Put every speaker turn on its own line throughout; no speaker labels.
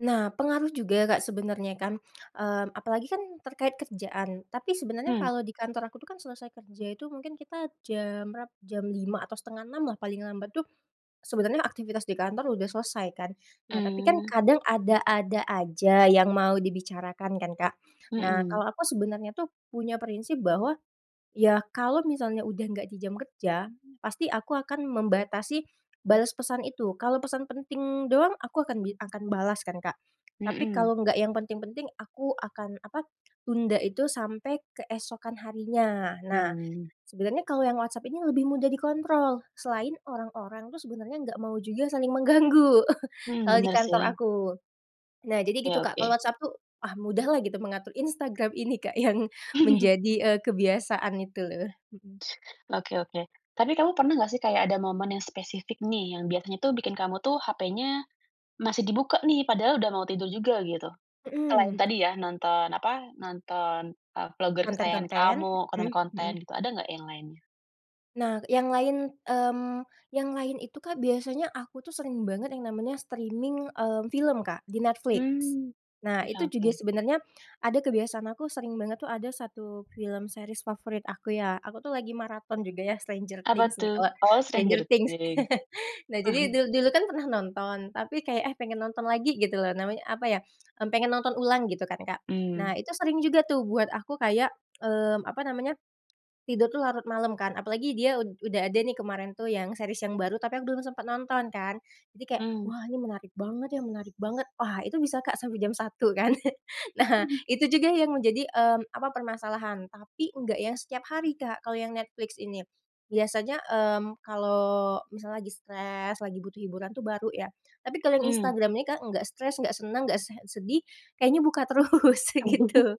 Nah, pengaruh juga Kak sebenarnya kan, mmm, apalagi kan terkait kerjaan. Tapi sebenarnya
Hmm.
kalau di kantor aku tuh kan selesai kerja itu mungkin kita jam berap jam 5 atau setengah 6 lah paling lambat tuh sebenarnya aktivitas di kantor udah selesai, kan. Nah tapi kan,
Mmm.
kadang ada-ada aja yang mau dibicarakan kan, Kak. Nah,
Mhm.
kalau aku sebenarnya tuh punya prinsip bahwa, ya kalau misalnya udah nggak di jam kerja, pasti aku akan membatasi balas pesan itu. Kalau pesan penting doang aku akan akan bi akan balas kan, Kak. Tapi
Mhm.
kalau nggak yang penting-penting aku akan apa, tunda itu sampai keesokan harinya, nah.
Mmm.
Sebenarnya kalau yang WhatsApp ini lebih mudah dikontrol, selain orang-orang tuh sebenarnya nggak mau juga saling mengganggu.
Hmm,
Kalau di
bener
kantor
sih.
aku. Nah jadi gitu,
Iya,
Kak, kalau
oke.
WhatsApp tuh, ah, mudah lah gitu mengatur, Instagram ini Kak yang menjadi, eee, kebiasaan itu. Mhm.
Oke oke. Tapi kamu pernah nggak sih kayak ada momen yang spesifik nih, yang biasanya tuh bikin kamu tuh HP-nya masih dibuka nih, padahal udah mau tidur juga, gitu? Selain
Mhm.
tadi ya, nonton apa, nonton, eee, vlogger kesayangan
Konten-konten,
kamu,
mhm
konten-konten
mhm.
gitu, ada nggak yang lainnya?
Nah, yang lain, mmm, yang lain itu, Kak, biasanya aku tuh sering banget yang namanya streaming, eee, film, Kak, di Netflix.
Hmm,
Nah,
bisa
itu juga
oke.
sebenarnya ada kebiasaan aku sering banget tuh ada satu film series favorit aku ya, aku tuh lagi maraton juga ya Stranger
Apa
Things, nih,
tuh?
eee,
Oh,
Stranger
Stranger
Things.
Things,
Nah, jadi
mhm.
dul dulu kan pernah nonton tapi kayak, eh pengen nonton lagi, gitu loh. Namanya apa ya, pengen nonton ulang gitu kan, Kak. Nah,
Mmm.
itu sering juga tuh buat aku kayak eee, apa namanya, tidur tuh larut malam kan apalagi dia ud udah ada nih kemarin tuh yang series yang baru tapi aku belum sempet nonton, kan. Jadi kayak,
Mmm.
wah ini menarik banget ya, menarik banget. Wah itu bisa, Kak, sampai jam 1 kan. Nah, itu juga yang menjadi, mmm, apa, permasalahan tapi enggak yang setiap hari, Kak, kalau yang Netflix ini. Biasanya, mmm, kalau misalnya lagi stress, lagi butuh hiburan itu baru ya. Tapi kalau yang
Mmm.
Instagram ini, Kak, nggak stress, nggak senang, nggak se sedih, kayaknya buka terus, gitu.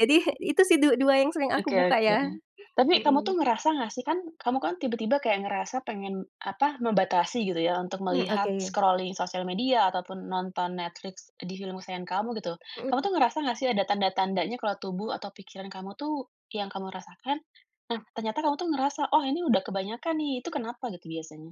Jadi itu sih du dua yang sering aku
Oke
buka
oke.
ya,
Tapi kamu
mhm.
tuh ngerasa nggak sih kan, kamu kan tiba-tiba kayak ngerasa pengen apa, membatasi gitu ya untuk
Mmm,
melihat
oke.
scrolling sosial media ataupun nonton Netflix di film kesayangan kamu, gitu.
Mhm.
Kamu tuh ngerasa nggak sih ada tanda-tandanya kalau tubuh atau pikiran kamu tuh yang kamu rasakan, nah ternyata kamu tuh ngerasa, oh ini udah kebanyakan nih, itu kenapa gitu biasanya?